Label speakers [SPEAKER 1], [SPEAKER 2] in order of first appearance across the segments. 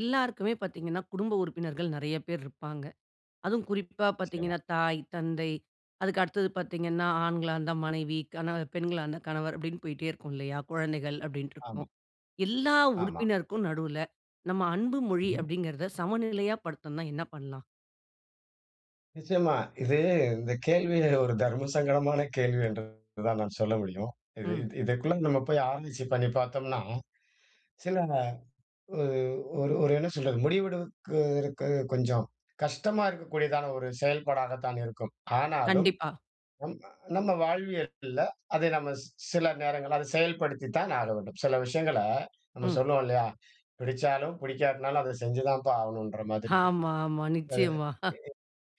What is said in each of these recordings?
[SPEAKER 1] எல்லாருக்குமே பாத்தீங்கன்னா குடும்ப உறுப்பினர்கள் நெறைய பேரு இருப்பாங்க. அதுவும் குறிப்பா
[SPEAKER 2] நிச்சயமா.
[SPEAKER 1] பாத்தீங்கன்னா, தாய், தந்தை அதுக்கு அடுத்தது பாத்தீங்கன்னா, ஆண்களா இருந்தா மனைவி. கண பெண்களா இருந்தா கணவர் அப்டின்னு போயிட்டே இருக்கும் இல்லையா குழந்தைகள் அப்டின்னு
[SPEAKER 2] ஆமா.
[SPEAKER 1] இருக்கும். எல்லா
[SPEAKER 2] ஆமா.
[SPEAKER 1] உறுப்பினருக்கும் நடுவுல, நம்ம அன்பு மொழி
[SPEAKER 2] ம்.
[SPEAKER 1] அப்படிங்கிறத சமநிலையா படுத்தணும்னா என்ன பண்ணலாம்?
[SPEAKER 2] நிச்சயமா. இது இந்த கேள்வி, ஒரு தர்மசங்கடமான கேள்வி என்று தான் நான் சொல்ல முடியும். இது
[SPEAKER 1] ம்.
[SPEAKER 2] இது இதுக்குள்ள நம்ம போய் ஆராய்ச்சி பண்ணி பாத்தோம்னா, சில ஒ ஒரு ஒரு என்ன சொல்றது, முடிவெடுக்கு இருக்கு கொஞ்சம் கஷ்டமா இருக்கக்கூடியதான ஒரு செயல்பாடாக தான் இருக்கும். ஆனாலும்,
[SPEAKER 1] கண்டிப்பா.
[SPEAKER 2] நம் நம்ம வாழ்வியல்ல, அதை நம்ம ஸ் சில நேரங்கள்ல, அதை செயல்படுத்தித்தான் ஆக வேண்டும். சில விஷயங்கள நம்ம
[SPEAKER 1] ம்.
[SPEAKER 2] சொல்லுவோம் இல்லையா, பிடிச்சாலும் புடிக்காட்னாலும் அத செஞ்சு தான்ப்பா ஆகணுன்ற மாதிரி.
[SPEAKER 1] ஆமா, ஆமா
[SPEAKER 2] அ
[SPEAKER 1] நிச்சயமா.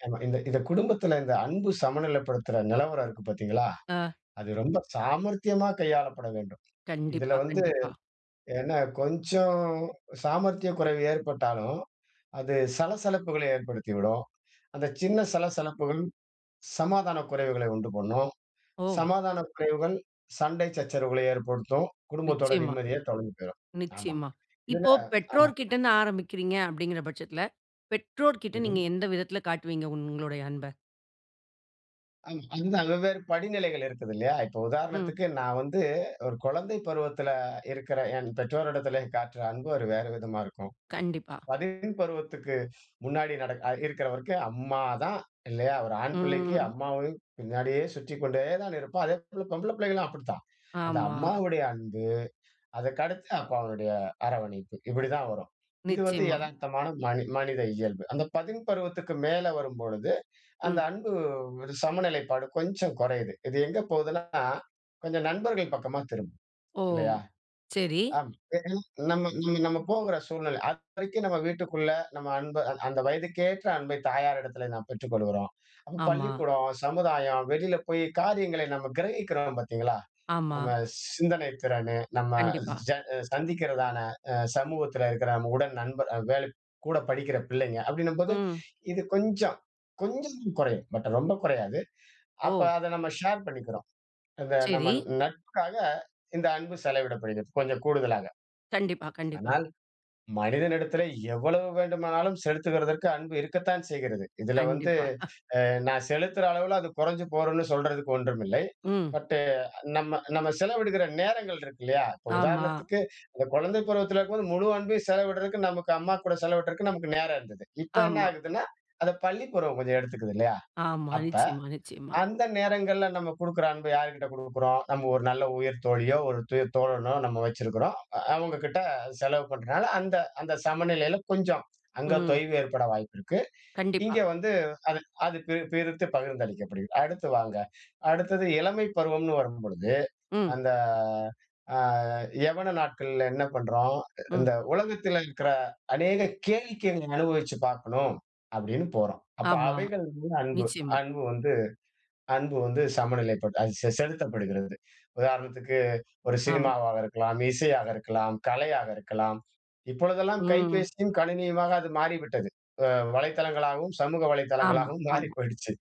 [SPEAKER 2] அ ஆமா, இந்த இந்த குடும்பத்துல இந்த அன்பு சமநிலைப்படுத்துற நெலவரம் இருக்கு பாத்தீங்களா,
[SPEAKER 1] அ.
[SPEAKER 2] அது ரொம்ப சாமர்த்தியமா கையாளப்பட வேண்டும். இதுல
[SPEAKER 1] கண்டிப்பா,
[SPEAKER 2] வந்து
[SPEAKER 1] கண்டிப்பா.
[SPEAKER 2] என்ன கொஞ்சம் சாமர்த்திய குறைவு ஏற்பட்டாலும், அது சலசலப்புக்கள ஏற்படுத்திவிடும். அந்த சின்ன சலசலப்புகள், சமாதான குறைவுகளை உண்டு பண்ணும்.
[SPEAKER 1] ஓ!
[SPEAKER 2] சமாதான குறைவுகள் சண்டை சச்சரவுகளை ஏற்படுத்தும். குடும்பத்தோட
[SPEAKER 1] நிச்சயமா,
[SPEAKER 2] நிம்மதியே தொலைஞ்சு போயிரும். ஆமா.
[SPEAKER 1] நிச்சயமா.
[SPEAKER 2] இதுல
[SPEAKER 1] இப்போ
[SPEAKER 2] ஆமா.
[SPEAKER 1] பெற்றோர்கிட்ட இருந்து ஆரம்பிக்கிறீங்க அப்டிங்கிற பட்சத்ல, பெற்றோர்கிட்ட நீங்க
[SPEAKER 2] ம்ஹ்ம்.
[SPEAKER 1] எந்த விதத்தில காட்டுவீங்க, உங்களுடைய அன்ப?
[SPEAKER 2] ஆமா. அந்தளவேற் படிநிலைகள் இருக்குது இல்லையா? இப்ப
[SPEAKER 1] ம்.
[SPEAKER 2] உதாரணத்துக்கு, நான் வந்து ஒரு குழந்தை பருவத்துல இருக்குற என் பெற்றோரிடத்திலே காட்டுற அன்பு ஒரு வேற விதமா இருக்கும்.
[SPEAKER 1] கண்டிப்பா.
[SPEAKER 2] பள்ளி பருவத்துக்கு முன்னாடி நடக் அ இருக்குறவரைக்கும் அம்மாதான் இல்லையா? ஒரு
[SPEAKER 1] ம்,
[SPEAKER 2] ஆண் பிள்ளைக்கு
[SPEAKER 1] ம், ம்.
[SPEAKER 2] அம்மாவை பின்னாடியே சுற்றிக்கொண்டேதான் இருப்பான். அதேபோல பொம்பள பிள்ளைகளும் அப்டித்தான். அந்த
[SPEAKER 1] ஆமா.
[SPEAKER 2] அம்மாவுடைய அன்பு, அதுக்கடுத்து அப்பாவினுடைய அரவணைப்பு. இப்படிதான் வரும். இது வந்து
[SPEAKER 1] நிச்சயமா.
[SPEAKER 2] எதார்த்தமான மனி மனித இயல்பு. அந்த பதின் பருவத்துக்கு மேல வரும்பொழுது, அந்த
[SPEAKER 1] ம்.
[SPEAKER 2] அன்பு ஒரு சமநிலைப்பாடு கொஞ்சம் கொறையுது. இது எங்க போகுதுன்னா, கொஞ்சம் நண்பர்கள் பக்கமா திரும்புது,
[SPEAKER 1] ஓ!
[SPEAKER 2] இல்லையா?
[SPEAKER 1] சரி.
[SPEAKER 2] ஆமா. ஏன்னா, நம்ம நம்ம நம்ம போகற சூழ்நில. அதுவரைக்கும் நம்ம வீட்டுக்குள்ள, நம்ம அன்ப அந் அந்த வயதுக்கேற்ற அன்பை தாயாரிடத்துல நாம் பெற்றுக்கொள்ளுகிறோம். அப்ப
[SPEAKER 1] ஆமா.
[SPEAKER 2] பள்ளிக்கூடம், சமுதாயம், வெளில போய் காரியங்களை நம்ம கிரகிக்கிறோம் பாத்தீங்களா?
[SPEAKER 1] ஆமா.
[SPEAKER 2] நம்ம சிந்தனைத் திறனு, நம்ம
[SPEAKER 1] கண்டிப்பா.
[SPEAKER 2] ஜ சந்திக்கிறதான அ சமூகத்துல இருக்குற நம்ம உடன் நண்பர் அ வேல் கூட படிக்கிற பிள்ளைங்க, அப்படீன்னும்போது,
[SPEAKER 1] ம்.
[SPEAKER 2] இது கொஞ்சம் கொஞ்சமும் குறையும். பட் ரொம்ப குறையாது. அப்ப
[SPEAKER 1] ஓ!
[SPEAKER 2] அத நம்ம ஷேர் பண்ணிக்கிறோம். அந்த
[SPEAKER 1] சரி.
[SPEAKER 2] நம்ம நட்புக்காக இந்த அன்பு செலவிடப்படுகிறது. கொஞ்சம் கூடுதலாக.
[SPEAKER 1] கண்டிப்பா, கண்டிப்பா.
[SPEAKER 2] ஆனால் மனிதனிடத்திலே எவ்வளவு வேண்டுமானாலும் செலுத்துகிறதற்கு அன்பு இருக்கத்தான் செய்கிறது. இதுல வந்து
[SPEAKER 1] கண்டிப்பா.
[SPEAKER 2] அ நான் செலுத்துற அளவுல அது கொறைஞ்சு போகுன்னு சொல்றதுக்கு ஒன்றுமில்லை.
[SPEAKER 1] ம்.
[SPEAKER 2] பட், நம்ம நம்ம செலவிடுகிற நேரங்கள் இருக்கு இல்லையா? இப்ப
[SPEAKER 1] ஆமா.
[SPEAKER 2] உதாரணத்துக்கு, அந்த குழந்தை பருவத்துல இருக்கும்போது முழு அன்பையும் செலவிடுறதுக்கு நமக்கு அம்மா கூட செலவிடுறதுக்கு நமக்கு நேரம் இருந்தது. இப்ப என்ன
[SPEAKER 1] ஆமா.
[SPEAKER 2] ஆகுதுன்னா, அத பள்ளி பருவம் கொஞ்சம் எடுத்துக்குது இல்லையா?
[SPEAKER 1] ஆமா.
[SPEAKER 2] அப்ப
[SPEAKER 1] நிச்சயமா, நிச்சயமா.
[SPEAKER 2] அந்த நேரங்கள்ல நம்ம குடுக்குற அன்ப யார்கிட்ட குடுக்குறோம்? நம்ம ஒரு நல்ல உயிர் தோழியோ, ஒரு உயிர் தோழனோ நம்ம வச்சிருக்கிறோம். அவங்ககிட்ட செலவு பண்றதுனால அந்த அந்த சமநிலையில கொஞ்சம், அங்க
[SPEAKER 1] ம்.
[SPEAKER 2] தொய்வு ஏற்பட வாய்ப்பு இருக்கு.
[SPEAKER 1] கண்டிப்பா.
[SPEAKER 2] இங்க வந்து அது அது பி பிரித்து பகிர்ந்தளிக்கப்படுகிறது. அடுத்து வாங்க, அடுத்தது இளமை பருவம்ன்னு வரும்பொழுது,
[SPEAKER 1] ம்.
[SPEAKER 2] அந்த அ யௌவன நாட்கள்ல என்ன பண்றோம்?
[SPEAKER 1] ம்.
[SPEAKER 2] இந்த உலகத்துல இருக்குற அநேக கேளிக்கையை நீங்க அனுபவிச்சு பாக்கணும், அப்படீன்னு போறோம். அப்ப
[SPEAKER 1] ஆமா.
[SPEAKER 2] அவைகள் மீது அன்பு
[SPEAKER 1] நிச்சயமா.
[SPEAKER 2] அன்பு வந்து அன்பு வந்து சமநிலைப்பட்டு அ செ செலுத்தப்படுகிறது. உதாரணத்துக்கு ஒரு
[SPEAKER 1] ஆம்.
[SPEAKER 2] சினிமாவாக இருக்கலாம், இசையாக இருக்கலாம், கலையாக இருக்கலாம். இப்பொழுதெல்லாம்
[SPEAKER 1] ம்.
[SPEAKER 2] கைபேசியும் கணினியுமாக அது மாறிவிட்டது. அ வலைத்தளங்களாகவும் சமூக
[SPEAKER 1] ஆமா,
[SPEAKER 2] வலைத்தளங்களாகவும் மாறி
[SPEAKER 1] ஆமா.
[SPEAKER 2] போய்டுச்சு.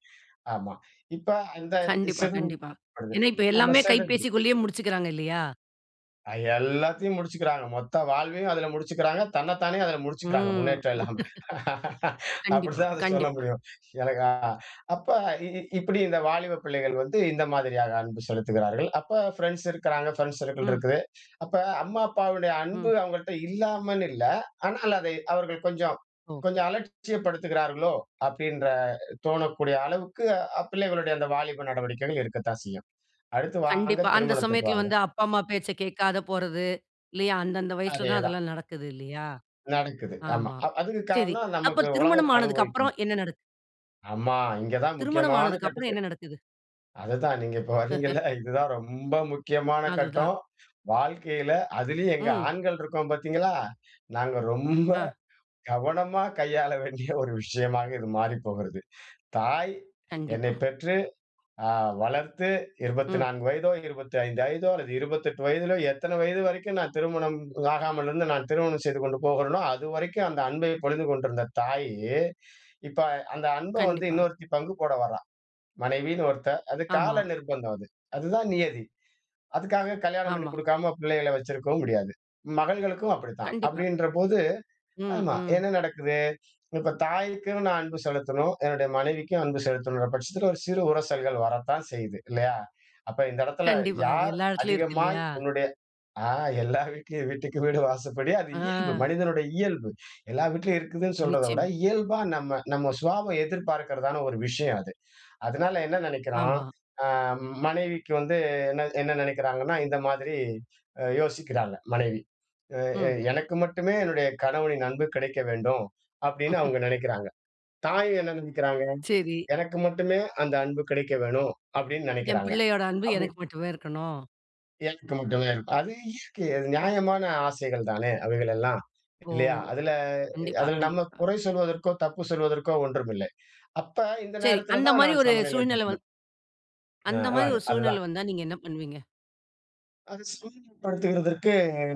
[SPEAKER 2] ஆமா. இப்ப அந்த
[SPEAKER 1] கண்டிப்பா, கண்டிப்பா.
[SPEAKER 2] செதுறப்படுது.
[SPEAKER 1] ஏன்னா இப்ப
[SPEAKER 2] ஆமா
[SPEAKER 1] எல்லாமே
[SPEAKER 2] செதுருது.
[SPEAKER 1] கைப்பேசி குள்ளயே முடிச்சுக்கிறாங்க இல்லையா?
[SPEAKER 2] அ எல்லாத்தையும் முடிச்சுக்கிறாங்க. மொத்த வாழ்வையும் அதில முடிச்சுக்கிறாங்க. தன்னைத்தானே அதில முடிச்சுக்கிறாங்க,
[SPEAKER 1] ம்.
[SPEAKER 2] முன்னேற்றம் இல்லாம.
[SPEAKER 1] கண்டிப்பா,
[SPEAKER 2] அப்படிதான் அதை சொல்ல
[SPEAKER 1] கண்டிப்பா.
[SPEAKER 2] முடியும். எனக்கா அப்ப இ இ இப்படி இந்த வாலிப பிள்ளைகள் வந்து இந்த மாதிரியாக அன்பு செலுத்துகிறார்கள். அப்ப ஃப்ரெண்ட்ஸ் இருக்கிறாங்க, ஃப்ரெண்ட்ஸ் சர்க்கிள்
[SPEAKER 1] ம்.
[SPEAKER 2] இருக்குது. அப்ப அம்மா, அப்பாவுடைய அன்பு
[SPEAKER 1] ம்.
[SPEAKER 2] அவங்கள்ட்ட இல்லாமல் இல்ல. ஆனால் அதை அவர்கள் கொஞ்சம்
[SPEAKER 1] ஓ.
[SPEAKER 2] கொஞ்சம் அலட்சியப்படுத்துகிறார்களோ, அப்படின்ற தோணக்கூடிய அளவுக்கு அ பிள்ளைகளுடைய அந்த வாலிப நடவடிக்கைகள் இருக்கத்தான் செய்யும். அடுத்து வாங்க,
[SPEAKER 1] கண்டிப்பா. அந்த
[SPEAKER 2] திருமணத்துக்கு
[SPEAKER 1] சமயத்தில
[SPEAKER 2] வாங்க.
[SPEAKER 1] வந்து அப்பா, அம்மா பேச்சை கேட்காம போறது, இல்லையா? அந்த அந்த வயசில தான்
[SPEAKER 2] அதேதான்.
[SPEAKER 1] அதெல்லாம் நடக்குது இல்லையா?
[SPEAKER 2] நடக்குது. ஆமா.
[SPEAKER 1] ஆமா.
[SPEAKER 2] அ அதுக்கு
[SPEAKER 1] சரி.
[SPEAKER 2] காரணம்
[SPEAKER 1] அப்ப
[SPEAKER 2] நமக்கு
[SPEAKER 1] திருமணம்
[SPEAKER 2] உலகத்தை
[SPEAKER 1] ஆனதுக்கு
[SPEAKER 2] அனுபவிக்கணும்.
[SPEAKER 1] அப்பறம் என்ன நடக்குது?
[SPEAKER 2] ஆமா. இங்க தான்
[SPEAKER 1] திருமணம்
[SPEAKER 2] முக்கியமான
[SPEAKER 1] ஆனதுக்கு அப்புறம்
[SPEAKER 2] கட்டுக்கு
[SPEAKER 1] என்ன நடக்குது?
[SPEAKER 2] அதுதான். நீங்க இப்ப வரீங்கல்ல. இதுதான் ரொம்ப முக்கியமான
[SPEAKER 1] அதுதான்.
[SPEAKER 2] கட்டம், வாழ்க்கையில. அதிலயும் எங்க
[SPEAKER 1] ம்.
[SPEAKER 2] ஆண்கள் இருக்கோம் பார்த்தீங்களா? நாங்க ரொம்ப
[SPEAKER 1] ஆ.
[SPEAKER 2] கவனமா கையாள வேண்டிய ஒரு விஷயமாக இது மாறி போகிறது. தாய் என்னை
[SPEAKER 1] கண்டிப்பா.
[SPEAKER 2] பெற்று அ வளர்த்து இருபத்தி
[SPEAKER 1] ம்.
[SPEAKER 2] நான்கு வயதோ 25 வயதோ அல்லது 28 வயதிலோ எத்தனை வயது வரைக்கும் நான் திருமணம் ஆகாமலிருந்து நான் திருமணம் செய்து கொண்டு போகிறேனோ அதுவரைக்கும் அந்த அன்பை பொழிந்து கொண்டிருந்த தாயி, இப்ப அந்த அன்ப வந்து
[SPEAKER 1] கண்டிப்பா.
[SPEAKER 2] இன்னொருத்தி பங்கு போட வரா. மனைவின்னு ஒருத்த அது
[SPEAKER 1] ஆமா.
[SPEAKER 2] கால நிர்பந்தம் அது. அதுதான் நியதி. அதுக்காக கல்யாணம் பண்ணி
[SPEAKER 1] ஆமா.
[SPEAKER 2] குடுக்காம பிள்ளைகளை வச்சிருக்கவும் முடியாது. மகள்களுக்கும் அப்படித்தான்.
[SPEAKER 1] கண்டிப்பா.
[SPEAKER 2] அப்படின்றபோது
[SPEAKER 1] ம்.
[SPEAKER 2] ஆமா.
[SPEAKER 1] ம்.
[SPEAKER 2] என்ன நடக்குது? இப்ப தாய்க்கும் நான் அன்பு செலுத்தணும், என்னுடைய மனைவிக்கும் அன்பு செலுத்தணும்ன்ற பட்சத்தில ஒரு சிறு உரசல்கள் வரத்தான் செய்யுது, இல்லையா? அப்ப இந்த இடத்தில
[SPEAKER 1] கண்டிப்பா. அது
[SPEAKER 2] யார்
[SPEAKER 1] எல்லா எடத்துலயும் இருக்கு
[SPEAKER 2] அதிகமாய்
[SPEAKER 1] இல்லையா?
[SPEAKER 2] உன்னுடைய அ எல்லார் வீட்டுலயும் வீட்டுக்கு வீடு வாசப்படி. அது இயல்பு.
[SPEAKER 1] ஆ.
[SPEAKER 2] மனிதனுடைய இயல்பு. எல்லா வீட்லயும் இருக்குதுன்னு சொல்றதை விட
[SPEAKER 1] நிச்சயமா.
[SPEAKER 2] இயல்பா நம்ம நம்ம சுபாவம் எதிர்பார்க்கிறதான ஒரு விஷயம் அது. அதனால என்ன நினைக்கிறோம்?
[SPEAKER 1] ஆமா.
[SPEAKER 2] அ மனைவிக்கு வந்து என்ன என்ன நினைக்கிறாங்கன்னா, இந்த மாதிரி அ யோசிக்கிறாங்க மனைவி, அ அ,
[SPEAKER 1] ம்.
[SPEAKER 2] "எனக்கு மட்டுமே என்னுடைய கணவனின் அன்பு கிடைக்க வேண்டும்." அப்படின்னு அவங்க நினைக்கிறாங்க. தாயும் என்ன நினைக்கிறாங்க?
[SPEAKER 1] சரி.
[SPEAKER 2] "எனக்கு மட்டுமே அந்த அன்பு கிடைக்க வேணும்." அப்படின்னு
[SPEAKER 1] என்
[SPEAKER 2] நினைக்கிறாங்க.
[SPEAKER 1] பிள்ளையோட அன்பு
[SPEAKER 2] அப்படி
[SPEAKER 1] எனக்கு மட்டுமே இருக்கணும்.
[SPEAKER 2] [unintelligible] அது இருக்கு. அது நியாயமான ஆசைகள் தானே அவைகள் எல்லாம்,
[SPEAKER 1] ஓ!
[SPEAKER 2] இல்லையா? அதில
[SPEAKER 1] கண்டிப்பா,
[SPEAKER 2] அதில நம்ம
[SPEAKER 1] கண்டிப்பா.
[SPEAKER 2] குறை சொல்வதற்கோ, தப்பு சொல்வதற்கோ ஒன்றும் இல்லை. அப்ப இந்த
[SPEAKER 1] சரி. அந்த
[SPEAKER 2] நேரத்திலதான்
[SPEAKER 1] மாரி
[SPEAKER 2] நான்
[SPEAKER 1] ஒரு
[SPEAKER 2] சமநிலை
[SPEAKER 1] சூழ்நிலை
[SPEAKER 2] [unintelligible]
[SPEAKER 1] வந்
[SPEAKER 2] அ
[SPEAKER 1] அந்த மாரி
[SPEAKER 2] அதாங்க.
[SPEAKER 1] ஒரு சூழ்நிலை
[SPEAKER 2] அதுதான்.
[SPEAKER 1] வந்தா, நீங்க என்ன பண்ணுவீங்க?
[SPEAKER 2] அதை சூழ்நிலைப்படுத்துகிறதற்கு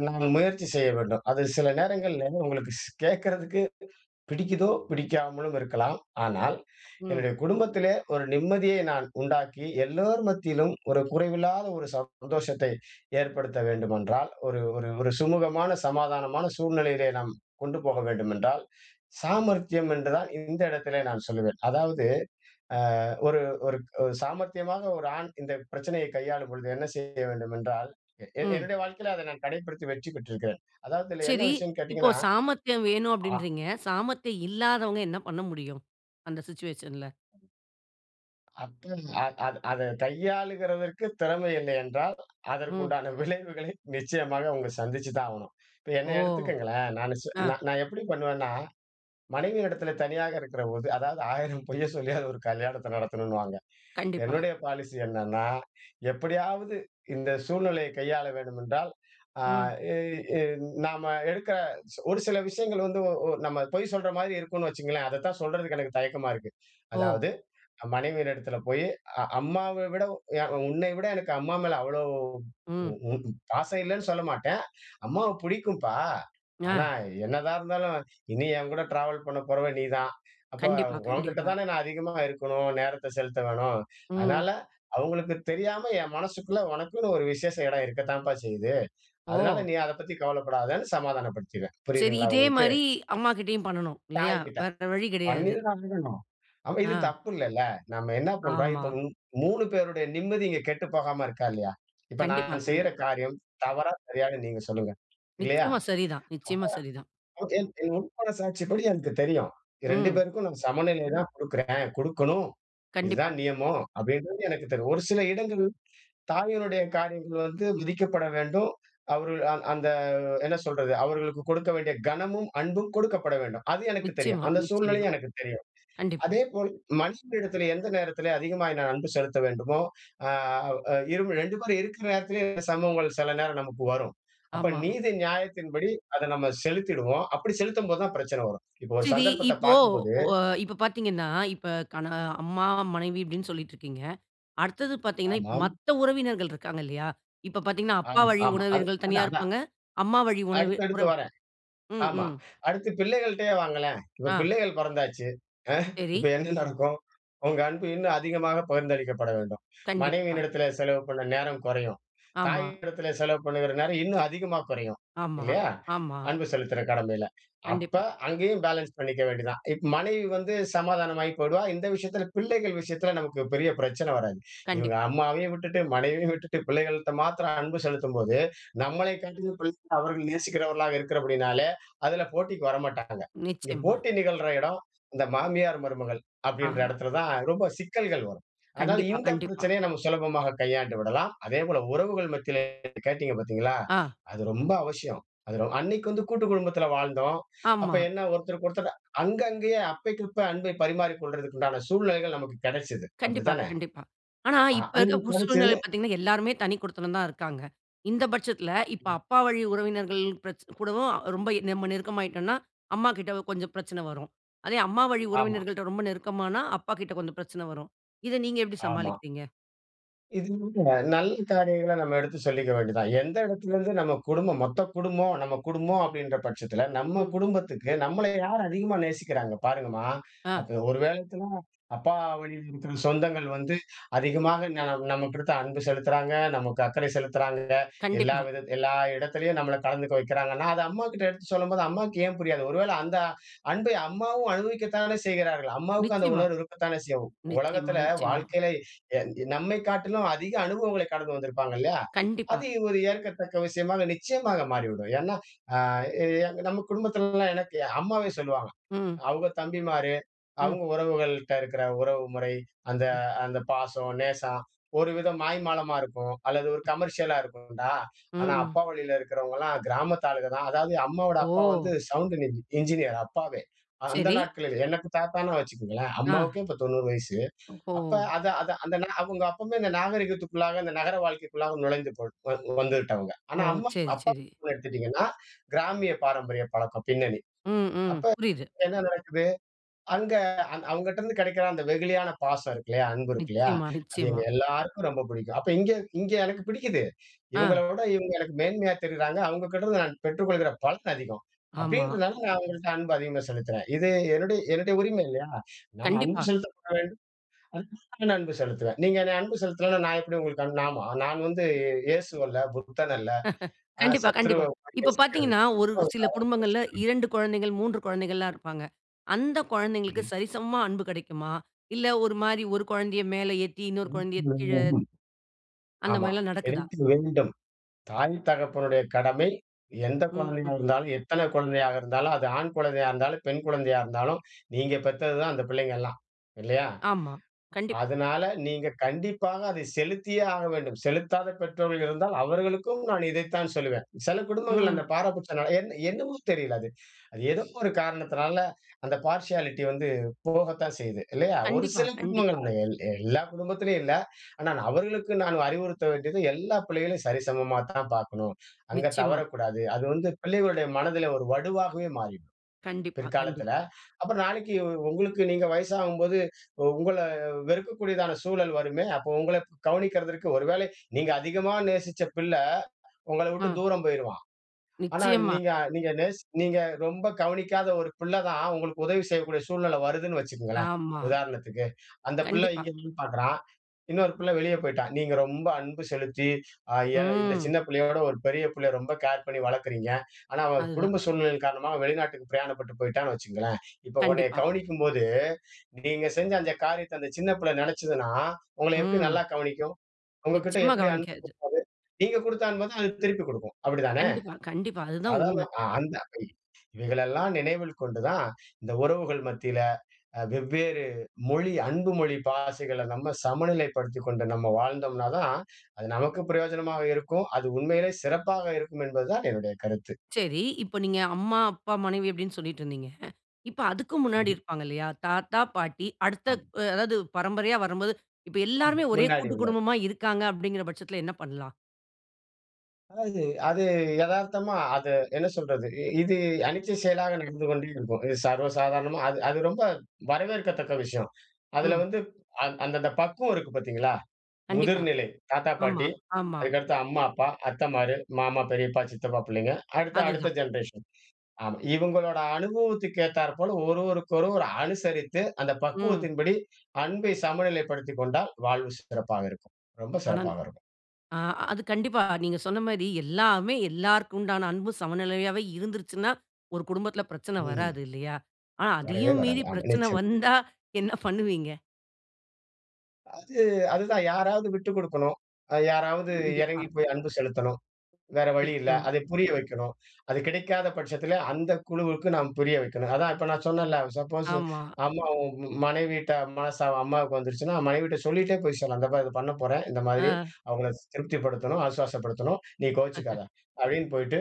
[SPEAKER 2] நான் முயற்சி செய்ய வேண்டும். அது சில நேரங்கள்ல உங்களுக்கு ஸ் கேட்கறதுக்கு பிடிக்கிதோ பிடிக்காமலும் இருக்கலாம். ஆனால்,
[SPEAKER 1] ம்.
[SPEAKER 2] என்னுடைய குடும்பத்திலே ஒரு நிம்மதியை நான் உண்டாக்கி எல்லோர் மத்தியிலும் ஒரு குறைவில்லாத ஒரு சந்தோஷத்தை ஏற்படுத்த வேண்டுமென்றால், ஒரு ஒரு ஒரு சுமூகமான, சமாதானமான சூழ்நிலையிலே நாம் கொண்டு போக வேண்டுமென்றால், சாமர்த்தியம் என்றால் இந்த இடத்திலே நான் சொல்லுவேன். அதாவது அ ஒரு ஒரு ஒரு சாமர்த்தியமாக ஒரு ஆண் இந்த பிரச்சனையை கையாளும் பொழுது என்ன செய்ய வேண்டுமென்றால், எ என்
[SPEAKER 1] ம்.
[SPEAKER 2] என்னுடைய வாழ்க்கையில அதை நான் கடைப்பிடித்து வச்சுக்கிட்டுருக்கேன். அதாவது, இதில என்ன
[SPEAKER 1] சரி.
[SPEAKER 2] விஷயம்ன்னு
[SPEAKER 1] இப்போ
[SPEAKER 2] கேட்டீங்கன்னா
[SPEAKER 1] சாமர்த்தியம் வேணும்
[SPEAKER 2] ஆ.
[SPEAKER 1] அப்படின்றீகிறீங்க. சாமர்த்தியம் இல்லாதவங்க என்ன பண்ண முடியும்? அந்த சிச்சுவேஷன்ல.
[SPEAKER 2] [unintelligible] அத அத அதை கையாளுகிறதற்கு திறமை இல்லை என்றால், அதற்கு
[SPEAKER 1] ம்.
[SPEAKER 2] உண்டான விளைவுகளை நிச்சயமாக அவங்க சந்திச்சுதான் ஆவணும். இப்ப
[SPEAKER 1] ஓ.
[SPEAKER 2] என்னைய எடுத்துக்கங்களேன். நானு சு
[SPEAKER 1] அ
[SPEAKER 2] நான் நான் எப்படி பண்ணுவேன்னா, மனைவியினிடத்திலே தனியாக இருக்கிறபோது, அதாவது 1000 பொய்யை சொல்லியாவது ஒரு கல்யாணத்தை நடத்தணுன்னுவாங்க.
[SPEAKER 1] கண்டிப்பா.
[SPEAKER 2] என்னுடைய பாலிசி என்னன்னா, எப்படியாவது இந்த சூழ்நிலையை கையாள வேணுமென்றால், அ
[SPEAKER 1] ம்.
[SPEAKER 2] எ எ நாம எடுக்கிற சி ஒரு சில விஷயங்கள் வந்து, ஒ ஒ நம்ம பொய் சொல்ற மாரி இருக்கும்ன்னு வச்சுக்கங்களேன். அதைத்தான் சொல்றதுக்கு எனக்கு தயக்கமா இருக்கு.
[SPEAKER 1] ஓ.
[SPEAKER 2] அதாவது அ மனைவியின் இடத்தில போய், அ அம்மாவை விட யா உன்னை விட எனக்கு அம்மா மேல அவ்வளோ
[SPEAKER 1] ம்.
[SPEAKER 2] ம் பாசம் இல்லைன்னு சொல்ல மாட்டேன். அம்மாவை புடிக்கும்ப்பா. ஆனா
[SPEAKER 1] ஞ.
[SPEAKER 2] என்னதான் இருந்தாலும், இனி என்கூட ட்ராவல் பண்ண போறவ நீதான். அப்ப
[SPEAKER 1] கண்டிப்பா,
[SPEAKER 2] உன்கிட்ட
[SPEAKER 1] கண்டிப்பா.
[SPEAKER 2] தானே நான் அதிகமா இருக்கணும். நேரத்தை செலுத்த வேணும்.
[SPEAKER 1] ம்.
[SPEAKER 2] அதனால அவங்களுக்கு தெரியாம, என் மனசுக்குள்ள உனக்குன்னு ஒரு விசேஷ இடம் இருக்கத்தாம்ப்பா செய்யுது. அதனால
[SPEAKER 1] ஓ.
[SPEAKER 2] நீ அதை பத்தி கவலைப்படாதேன்னு சமாதானப்படுத்திருவேன்.
[SPEAKER 1] சரி.
[SPEAKER 2] புரியுதுங்களா
[SPEAKER 1] இதே
[SPEAKER 2] உங்களுக்கு?
[SPEAKER 1] மாரி அம்மா கிட்டயும் பண்ணனும், இல்லையா?
[SPEAKER 2] தாய்கிட்ட,.
[SPEAKER 1] வேற வழி கிடையாது.
[SPEAKER 2] [unintelligible] ஆமா, இது
[SPEAKER 1] அ.
[SPEAKER 2] தப்பு இல்லல்ல. நாம என்ன பண்றோம்.
[SPEAKER 1] ஆமா.
[SPEAKER 2] இப்ப மூ 3 பேருடைய நிம்மதி இங்க கெட்டு போகாம இருக்கா? இல்லையா? இப்ப
[SPEAKER 1] கண்டிப்பா,
[SPEAKER 2] நான் செய்ற
[SPEAKER 1] கண்டிப்பா.
[SPEAKER 2] காரியம் தவறா? சரியான்னு நீங்க சொல்லுங்க. இல்லையா?
[SPEAKER 1] நிச்சயமா, சரி தான், நிச்சயமா, சரி தான்.
[SPEAKER 2] [unintelligible] என் என் உள் மனசாட்சிப்படி எனக்கு தெரியும். 2
[SPEAKER 1] ம்.
[SPEAKER 2] பேருக்கும் நம்ம சமநிலை தான் குடுக்கிறேன். குடுக்கணும்.
[SPEAKER 1] கண்டிப்பா.
[SPEAKER 2] இதுதான் நியமம். அப்படின்றது எனக்கு தெரியும். ஒரு சில இடங்கள் தாயினுடைய காரியங்கள் வந்து விதிக்கப்பட வேண்டும். அவர்கள் அந் அந்த என்ன சொல்றது, அவர்களுக்கு கொடுக்க வேண்டிய கனமும், அன்பும் குடுக்கப்பட வேண்டும். அது எனக்கு தெரியும்.
[SPEAKER 1] நிச்சயமா,
[SPEAKER 2] அந்த
[SPEAKER 1] நிச்சயமா.
[SPEAKER 2] சூழ்நிலையும் எனக்கு தெரியும்.
[SPEAKER 1] கண்டிப்பா.
[SPEAKER 2] அதேபோல் மனைவி இடத்திலே எந்த நேரத்திலே அதிகமாய் நான் அன்பு செலுத்த வேண்டுமோ அ இருவ் 2 பேரும் இருக்கிற நேரத்திலேயே இந்த சம்பவங்கள் சில நேரம் நமக்கு வரும். அப்ப
[SPEAKER 1] ஆமா.
[SPEAKER 2] நீதி நியாயத்தின் படி அத நாம செலுத்திடுவோம். அப்படி செலுத்தும் போது தான் பிரச்சனை வரும். இப்ப ஒரு
[SPEAKER 1] சரி.
[SPEAKER 2] சந்தர்ப்பத்தை
[SPEAKER 1] இப்போ
[SPEAKER 2] பார்க்கும்போது
[SPEAKER 1] ஒ இப்ப பார்த்தீங்கன்னா, இப்ப கண அம்மா, மனைவி அப்படீன்னு சொல்லிட்டிருக்கீங்க. அடுத்தது பார்த்தீங்கன்னா, இப்ப
[SPEAKER 2] ஆமாம்.
[SPEAKER 1] மத்த உறவினர்கள் இருக்காங்க இல்லையா? இப்ப பார்த்தீங்கன்னா, அப்பா
[SPEAKER 2] ஆமா,
[SPEAKER 1] வழி
[SPEAKER 2] ஆமா. அது
[SPEAKER 1] உறவினர்கள்
[SPEAKER 2] அதான்
[SPEAKER 1] தனியா
[SPEAKER 2] அதான்.
[SPEAKER 1] இருப்பாங்க. அம்மா வழி உணவு
[SPEAKER 2] அடுத்த
[SPEAKER 1] உற
[SPEAKER 2] அடுத்து வரேன்.
[SPEAKER 1] ம்.
[SPEAKER 2] ஆமா.
[SPEAKER 1] ம்.
[SPEAKER 2] அடுத்து பிள்ளைகள்ட்டேயே வாங்களேன். இப்ப
[SPEAKER 1] அ.
[SPEAKER 2] பிள்ளைகள் பொறந்தாச்சு. அ இப்ப
[SPEAKER 1] சரி.
[SPEAKER 2] என்ன நடக்கும்? உங்க அன்பு இன்னும் அதிகமாக பகிர்ந்தளிக்கப்பட வேண்டும்.
[SPEAKER 1] கண்டிப்பா.
[SPEAKER 2] மனைவியின் இடத்திலே செலவு பண்ண நேரம் கொறையும்.
[SPEAKER 1] ஆமா.
[SPEAKER 2] தாயினிடத்திலே செலவு பண்ணுகிற நேரம் இன்னும் அதிகமா கொறையும்.
[SPEAKER 1] ஆமா,
[SPEAKER 2] இல்லையா?
[SPEAKER 1] ஆமா.
[SPEAKER 2] அன்பு செலுத்துற கடமையில. அப்ப
[SPEAKER 1] கண்டிப்பா.
[SPEAKER 2] அங்கேயும் பேலன்ஸ் பண்ணிக்க வேண்டியது தான். இப்ப மனைவி வந்து சமாதானமாயி போயிடுவா. இந்த விஷயத்தில பிள்ளைகள் விஷயத்தில நமக்கு பெரிய பிரச்சனை வராது. இவங்க
[SPEAKER 1] கண்டிப்பா.
[SPEAKER 2] அம்மாவையும் விட்டுட்டு, மனைவியையும் விட்டுட்டு, பிள்ளைகள்ட்ட மாத்திரம் அன்பு செலுத்தும்போது, நம்மளைக் காட்டிலும் பிள்ளைகள அவர்கள் நேசிக்கிறவர்களாக இருக்கிற படியினாலே, அதில போட்டிக்கு வரமாட்டாங்க. இங்க
[SPEAKER 1] நிச்சயமா.
[SPEAKER 2] போட்டி நிகழ்ற இடம், இந்த "மாமியார்- மருமகள்" அப்படின்ற
[SPEAKER 1] ஆ.
[SPEAKER 2] இடத்தில தான் ரொம்ப சிக்கல்கள் வரும். அதனால
[SPEAKER 1] கண்டிப்பா,
[SPEAKER 2] இந்த
[SPEAKER 1] கண்டிப்பா.
[SPEAKER 2] பிரச்சனையை நம்ம சுலபமாக கையாண்டு விடலாம். அதேபோல உறவுகள் மத்தியிலே கேட்டீங்க பார்த்தீங்களா?
[SPEAKER 1] ஆ.
[SPEAKER 2] அது ரொம்ப அவஷியம். அது ரொ அன்னைக்கு வந்து கூட்டு குடும்பத்தில வாழ்ந்தோம். அப்ப
[SPEAKER 1] ஆமா.
[SPEAKER 2] என்ன ஒருத்தருக்கு ஒருத்தர் அங்க அங்கேயே அப்பைக்கு அப்ப அன்பை பரிமாறிக் கொள்றதுக்கு உண்டான சூழ்நிலைகள் நமக்கு கெடைச்சது.
[SPEAKER 1] கண்டிப்பா,
[SPEAKER 2] அப்படித்தானே?
[SPEAKER 1] கண்டிப்பா. ஆனா
[SPEAKER 2] அ
[SPEAKER 1] இப்ப இருக்க
[SPEAKER 2] அன்னைக்கு
[SPEAKER 1] பு சூழ்நிலை
[SPEAKER 2] கெடைச்சுது
[SPEAKER 1] பார்த்தீங்கன்னா எல்லாருமே தனி குடித்தனம் தான் இருக்காங்க. இந்த பட்சத்தில, இப்ப
[SPEAKER 2] ம்.
[SPEAKER 1] அப்பா வழி உறவினர்கள் பிரச் கூடவும் அ ரொம்ப எ நம்ம நெருக்கமாயிட்டோன்னா அம்மாகிட்ட கொஞ்சம் பிரச்சனை வரும். அதே அம்மா வழி
[SPEAKER 2] ஆமா.
[SPEAKER 1] உறவினர்கள்ட்ட ரொம்ப நெருக்கமானா, அப்பாகிட்ட கொஞ்சம் பிரச்சனை வரும். இதை நீங்க எப்படி
[SPEAKER 2] ஆமா.
[SPEAKER 1] சமாளிக்கிறீங்க?
[SPEAKER 2] இது போன்ற நல்ல காரியங்களை நம்ம எடுத்து சொல்லிக்க வேண்டியது தான். எந்த இடத்துலேருந்து நம்ம குடும்பம், மொத்த குடும்பம், நம்ம குடும்பம் அப்படின்ற பட்சத்தில, நம்ம
[SPEAKER 1] ம்.
[SPEAKER 2] குடும்பத்துக்கு நம்மளை யார் அதிகமா நேசிக்கிறாங்க. பாருங்கம்மா!
[SPEAKER 1] அ.
[SPEAKER 2] அப்ப ஒரு வேளத்துல, அப்பா வழியில இருக்கிற சொந்தங்கள் வந்து அதிகமாக ந நம்மக்குடுத்த அன்பு செலுத்துறாங்க. நமக்கு அக்கறை செலுத்துறாங்க. எல்லா
[SPEAKER 1] கண்டிப்பா.
[SPEAKER 2] விதத் எல்லா இடத்துலயும் நம்மளை கலந்துக்க வைக்கிறாங்கன்னா, அதை அம்மாகிட்ட எடுத்து சொல்லும்போது அம்மாவுக்கு ஏன் புரியாது? ஒருவேளை அந்த அன்பை அம்மாவும் அனுபவிக்க தானே செய்கிறார்கள். அம்மாவுக்கும் அந்த
[SPEAKER 1] நிச்சயமா.
[SPEAKER 2] உணர்வு இருக்கத்தானே செய்யும்.
[SPEAKER 1] நிச்சயமா,
[SPEAKER 2] உலகத்தில
[SPEAKER 1] நிச்சயமா.
[SPEAKER 2] வாழ்க்கையில, எ நம்மை காட்டிலும் அதிக அனுபவங்களை கடந்து வந்திருப்பாங்க இல்லையா.
[SPEAKER 1] கண்டிப்பா.
[SPEAKER 2] அது ஒரு ஏற்கத்தக்க விஷயமாக நிச்சயமாக மாறிவிடும். ஏன்னா அ எ நம்ம குடும்பத்திலல்லாம் எனக்கு அம்மாவே சொல்லுவாங்க.
[SPEAKER 1] ம்.
[SPEAKER 2] அவங்க தம்பிமாரு,
[SPEAKER 1] ம்.
[SPEAKER 2] அவங்க உறவுகள்ட்ட இருக்கிற உறவு முறை, அந்த
[SPEAKER 1] ம்.
[SPEAKER 2] அந்த பாசம், நேசம், ஒரு வித மாய்மாலமா இருக்கும். அல்லது ஒரு கமர்ஷியலா இருக்கும்டா.
[SPEAKER 1] ம்.
[SPEAKER 2] ஆனா,
[SPEAKER 1] ம்.
[SPEAKER 2] அப்பா வழியில இருக்கிறவங்கல்லாம் கிராமத்து ஆளுக தான். அதாவது அம்மாவோட அப்பா வந்து
[SPEAKER 1] ஓ.
[SPEAKER 2] சவுண்டின் இஞ் என்ஜினியர் அப்பாவே. அந்த
[SPEAKER 1] சரி.
[SPEAKER 2] நாட்களிலே. எனக்கு தாத்தான்னா வச்சுக்கங்களேன்.
[SPEAKER 1] ஆ.
[SPEAKER 2] அம்மாவுக்கும் இப்ப 90 வயசு. அப்ப
[SPEAKER 1] ஒஹோ!
[SPEAKER 2] அதை அதை அந்த நே அவங்க அப்பவுமே இந்த நாகரீகத்திற்குள்ளாக இந்த நகர வாழ்க்கைக்குள்ளாக நுழைந்து கொள் வந் வந்து விட்டவங்க. ஆனா,
[SPEAKER 1] ஓ!
[SPEAKER 2] அம்மா
[SPEAKER 1] சரி,
[SPEAKER 2] அப்பா
[SPEAKER 1] சரி.
[SPEAKER 2] குடும்பம் எடுத்துட்டீங்கன்னா, கிராமிய பாரம்பரிய பழக்கம் பின்னணி.
[SPEAKER 1] ம். ம்.
[SPEAKER 2] அப்ப
[SPEAKER 1] புரியுது.
[SPEAKER 2] என்ன நடக்குது? அங்க அந் அவங்கட்டருந்து கிடைக்கிற அந்த வெகுளியான பாசம் இருக்கு இல்லையா? அன்பு இருக்கு இல்லையா?
[SPEAKER 1] நிச்சயமா,
[SPEAKER 2] அது எங்க
[SPEAKER 1] நிச்சயமா.
[SPEAKER 2] எல்லாருக்கும் ரொம்ப புடிக்கும். அப்ப இங்க இங்க எனக்கு பிடிக்குது.
[SPEAKER 1] ஆ.
[SPEAKER 2] இவங்களை விட, இவங்க எனக்கு மேன்மையா தெரியிறாங்க. அவங்க கிட்ட இருந்து நான் பெற்றுக்கொள்ளுகிற பலன் அதிகம்.
[SPEAKER 1] ஆமா.
[SPEAKER 2] அப்படின்றனால, நான் அவங்கள்ட்ட அன்பு அதிகமா செலுத்துறேன். இது என்னுடைய என்னுடைய உரிமை இல்லையா? நான் அன்பு
[SPEAKER 1] கண்டிப்பா.
[SPEAKER 2] செலுத்தப்பட வேண்டும். [unintelligible] அன்பு செலுத்துவேன். நீங்க என்னைய அன்பு செலுத்தலைனா, நான் எப்படி உங்களுக்கு அன்பு நான் மொ நான் வந்து இயேசு அல்ல, புத்தன் அல்ல, அ
[SPEAKER 1] கண்டிப்பா,
[SPEAKER 2] சத்ரு
[SPEAKER 1] கண்டிப்பா.
[SPEAKER 2] மாரி
[SPEAKER 1] இப்ப பார்த்தீங்கன்னா,
[SPEAKER 2] யோசிக்கிறதுக்கு.
[SPEAKER 1] ஒரு
[SPEAKER 2] நானும் ஒரு
[SPEAKER 1] சில
[SPEAKER 2] சாதாரண
[SPEAKER 1] குடும்பங்கள்ல
[SPEAKER 2] மனுஷன் தானே.
[SPEAKER 1] 2 குழந்தைகள், 3 குழந்தைகள்ல்லாம் இருப்பாங்க. அந்த குழந்தைங்களுக்கு
[SPEAKER 2] ம்ஹ்ம்.
[SPEAKER 1] சரிசமமா அன்பு கெடைக்குமா? இல்ல ஒரு மாரி ஒரு குழந்தையை மேல ஏத்தி, இன்னொரு குழந்தையை கீழ
[SPEAKER 2] [unintelligible]
[SPEAKER 1] அந்த
[SPEAKER 2] .ஆமா.
[SPEAKER 1] மாரில்லாம் நடக்குதா?
[SPEAKER 2] கிடைக்க வேண்டும். தாய், தகப்பனுடைய கடமை எந்த குழந்தையாக
[SPEAKER 1] ம்.
[SPEAKER 2] இருந்தாலும், எத்தனை குழந்தையாக இருந்தாலும், அது ஆண் குழந்தையா இருந்தாலும், பெண் குழந்தையா இருந்தாலும், நீங்க பெத்தது தான் அந்த பிள்ளைங்க எல்லாம். இல்லையா.
[SPEAKER 1] ஆமா. கண்டிப்பா.
[SPEAKER 2] அதனால நீங்க கண்டிப்பாக அதை செலுத்தியே ஆக வேண்டும். செலுத்தாத பெற்றோர்கள் இருந்தால், அவர்களுக்கும் நான் இதைத்தான் சொல்லுவேன். சில குடும்பங்கள்
[SPEAKER 1] ம்.
[SPEAKER 2] அந்த பாராபட்சனால என்ன என்னமோ தெரியல அது. அது ஏதோ ஒரு காரணத்தினால, அந்த பார்ஷியாலிட்டி வந்து போகத்தான் செய்யுது, இல்லையா? ஒரு
[SPEAKER 1] கண்டிப்பா,
[SPEAKER 2] சில
[SPEAKER 1] கண்டிப்பா.
[SPEAKER 2] குடும்பங்கள்ல, எல் எல்லா குடும்பத்திலயும் இல்லை. ஆனால் அவர்களுக்கு நான் அறிவுறுத்த வேண்டியது, எல்லா பிள்ளைகளையும் சரிசமமாத்தான் பார்க்கணும். அங்க
[SPEAKER 1] நிச்சயமா.
[SPEAKER 2] தவறக்கூடாது. அது வந்து பிள்ளைகளுடைய மனதிலே ஒரு வடுவாகவே மாறிரும்,
[SPEAKER 1] கண்டிப்பா, கண்டிப்பா
[SPEAKER 2] பிற்காலத்தில. அப்பறம் நாளைக்கு உங்களுக்கு நீங்க வயசாகும்போது உங்களை வெறுக்கக்கூடியதான சூழல் வருமே. அப்ப உங்களை கவனிக்கிறதற்கு, ஒருவேளை நீங்க அதிகமா நேசிச்ச பிள்ள உங்களை விட்டு
[SPEAKER 1] அ.
[SPEAKER 2] தூரம் போயிருவான். ஆனா
[SPEAKER 1] நிச்சயமா.
[SPEAKER 2] நீங்க நீங்க நேசி நீங்க ரொம்ப கவனிக்காத ஒரு பிள்ளை தான் உங்களுக்கு உதவி செய்யக்கூடிய சூழ்நிலை வருதுன்னு வச்சுக்கங்களேன்
[SPEAKER 1] ஆமா.
[SPEAKER 2] உதாரணத்துக்கு. அந்த பிள்ளை
[SPEAKER 1] கண்டிப்பா.
[SPEAKER 2] இங்கேயும் பார்க்கிறான். இன்னொரு பிள்ளை வெளிய போய்ட்டான். நீங்க ரொம்ப அன்பு செலுத்தி அ ய இந்த
[SPEAKER 1] ம்.
[SPEAKER 2] சின்ன பிள்ளையோட ஒரு பெரிய பிள்ளையை ரொம்ப கேர் பண்ணி வளர்க்கிறீங்க. ஆனா அவன்
[SPEAKER 1] அதுதான்.
[SPEAKER 2] குடும்ப சூழ்நிலைகள் காரணமாக வெளிநாட்டுக்கு பிரயாணப்பட்டு போய்ட்டான்னு வச்சுக்கங்களேன். இப்ப உன்னைய
[SPEAKER 1] கண்டிப்பா.
[SPEAKER 2] கவனிக்கும் போது, நீங்க செஞ்ச அந்த காரியத்தை அந்த சின்ன பிள்ளை நெனைச்சுதுன்னா, உங்களை எப்படி
[SPEAKER 1] ம்.
[SPEAKER 2] நல்லா கவனிக்கும்? உங்ககிட்ட
[SPEAKER 1] நிச்சயமா
[SPEAKER 2] எப்படி அன்பு
[SPEAKER 1] கவனிக்காது.
[SPEAKER 2] குடுப்பது? நீங்க குடுத்த அன்பதான் அது திருப்பி குடுக்கும். அப்படி தானே.
[SPEAKER 1] கண்டிப்பா, கண்டிப்பா. அதுதான்
[SPEAKER 2] அதான்
[SPEAKER 1] உண்மை.
[SPEAKER 2] அந்த [unintelligible] இவைகளை எல்லாம் நினைவில் கொண்டு தான், இந்த உறவுகள் மத்தியில வெவ்வேறு மொழி, அன்பு மொழி பாசைகளை நம்ம சமநிலைப்படுத்திக்கொண்டு நம்ம வாழ்ந்தோம்ன்னாதான், அது நமக்கு பிரயோஜனமாக இருக்கும். அது உண்மையிலே சிறப்பாக இருக்கும் என்பது தான் என்னுடைய கருத்து.
[SPEAKER 1] சரி. இப்ப நீங்க அம்மா, அப்பா, மனைவி அப்படீன்னு சொல்லிட்டிருந்தீங்க. "இப்ப அதுக்கு முன்னாடி
[SPEAKER 2] ம்ஹ்ம்.
[SPEAKER 1] இருப்பாங்க இல்லையா? தாத்தா, பாட்டி அடுத்த
[SPEAKER 2] ஆம்.
[SPEAKER 1] அதாவது பரம்பரையா வரம்போது, இப்ப
[SPEAKER 2] ஆம்.
[SPEAKER 1] எல்லோருமே ஒரே
[SPEAKER 2] முன்னாடி
[SPEAKER 1] கூட்டு
[SPEAKER 2] உள்ளது.
[SPEAKER 1] குடும்பமா இருக்காங்க." அப்படிங்கிற பட்சத்தில என்ன பண்ணலாம்?
[SPEAKER 2] அதாவது, அது எதார்த்தமா அது என்ன சொல்றது? இது அணிச்சை செயலாக நடந்து கொண்டே இருக்கும். இது சர்வசாதாரணமா அது அது ரொம்ப வரவேற்கத்தக்க விஷயம். அதுல
[SPEAKER 1] ம்.
[SPEAKER 2] வந்து அந் அந்த அந்த பக்குவம் இருக்கு பாத்தீங்களா?
[SPEAKER 1] கண்டிப்பா.
[SPEAKER 2] முதிர்நிலை. தாத்தா,
[SPEAKER 1] ஆமா,
[SPEAKER 2] பாட்டி,
[SPEAKER 1] ஆமா.
[SPEAKER 2] அதுக்கடுத்து அம்மா, அப்பா, அத்தைமாரு, மாமா, பெரியப்பா, சித்தப்பா புள்ளைங்க. அடுத்து, அடுத்த
[SPEAKER 1] அதுதான்.
[SPEAKER 2] ஜெனரேஷன். ஆமா, இவங்களோட அனுபவத்துக்கு ஏத்தாற்போல, ஒருவருக்கொருவர் ஒரு அனுசரித்து, அந்த
[SPEAKER 1] ம்.
[SPEAKER 2] பக்குவத்தின்படி அன்பை சமநிலைப்படுத்திக் கொண்டால் வாழ்வு சிறப்பாக இருக்கும். ரொம்ப
[SPEAKER 1] ஆனா அந்
[SPEAKER 2] சிறப்பாக இருக்கும்.
[SPEAKER 1] அ அது கண்டிப்பா, நீங்க சொன்ன மாரி எல்லாமே எல்லோருக்கும் உண்டான அன்பு சமநிலையாகவே இருந்துருச்சுன்னா, ஒரு குடும்பத்துல பிரச்சனை
[SPEAKER 2] ம்.
[SPEAKER 1] வராது இல்லையா? ஆனா,
[SPEAKER 2] வரவே
[SPEAKER 1] அதையும்
[SPEAKER 2] வராது.
[SPEAKER 1] மீறி
[SPEAKER 2] ஆமா,
[SPEAKER 1] பிரச்சனை
[SPEAKER 2] நிச்சயமா.
[SPEAKER 1] வந்தா என்ன பண்ணுவீங்க?
[SPEAKER 2] அது, அதுதான் யாராவது விட்டு குடுக்கணும். யாராவது
[SPEAKER 1] கண்டிப்பா.
[SPEAKER 2] இறங்கி போய் அன்பு செலுத்தணும். வேற வழி இல்ல.
[SPEAKER 1] நிச்சயமா.
[SPEAKER 2] அதை புரிய வைக்கணும். அது கிடைக்காத பட்சத்துல, அந்த குழுவுக்கு நாம் புரிய வைக்கணும். அதான் இப்ப நான் சொன்னேன்ல்ல, சப்போஸ்
[SPEAKER 1] ஆமா.
[SPEAKER 2] அம்மாவும் மனைவியிட்ட மனஸ்தாபம் அம்மாவுக்கு வந்துருச்சுன்னா, மனைவிட்ட சொல்லிட்டே போய் சொல்லலாம். "இத பாரு, இத பண்ண போறேன், இந்த மாதிரி.
[SPEAKER 1] அ.
[SPEAKER 2] அவங்கள திருப்திப்படுத்தணும், ஆசுவாசப்படுத்தணும். நீ கோவிச்சிக்காத." அப்படீன்னு போயிட்டு,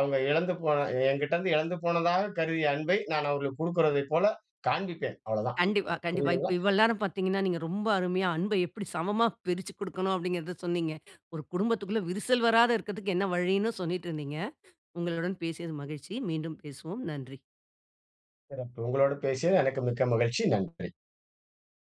[SPEAKER 2] அவங்க இழந்து போன என்கிட்டேருந்து இழந்து போனதாக கருதிய அன்பை நான் அவங்களுக்கு குடுக்குறதைப் போல காண்பிப்பேன். அவ்வளோதான்.
[SPEAKER 1] கண்டிப்பா, கண்டிப்பா. இப்ப,
[SPEAKER 2] புரியுதுங்களா?
[SPEAKER 1] இவ்வளவு நேரம் பாத்தீங்கன்னா, நீங்க ரொம்ப அருமையா, "அன்ப எப்படி சமமா பிரிச்சு குடுக்கணும்?" அப்படிங்குறத சொன்னீங்க. ஒரு குடும்பத்துக்குள்ள விரிசல் வராத இருக்கத்துக்கு என்ன வழின்னும் சொல்லீட்டிருந்தீங்க. உங்களுடன் பேசியது மகிழ்ச்சி. மீண்டும் பேசுவோம். நன்றி.
[SPEAKER 2] சிறப்பு. உங்களோடு பேசியது எனக்கும் மிக்க மகிழ்ச்சி. நன்றி.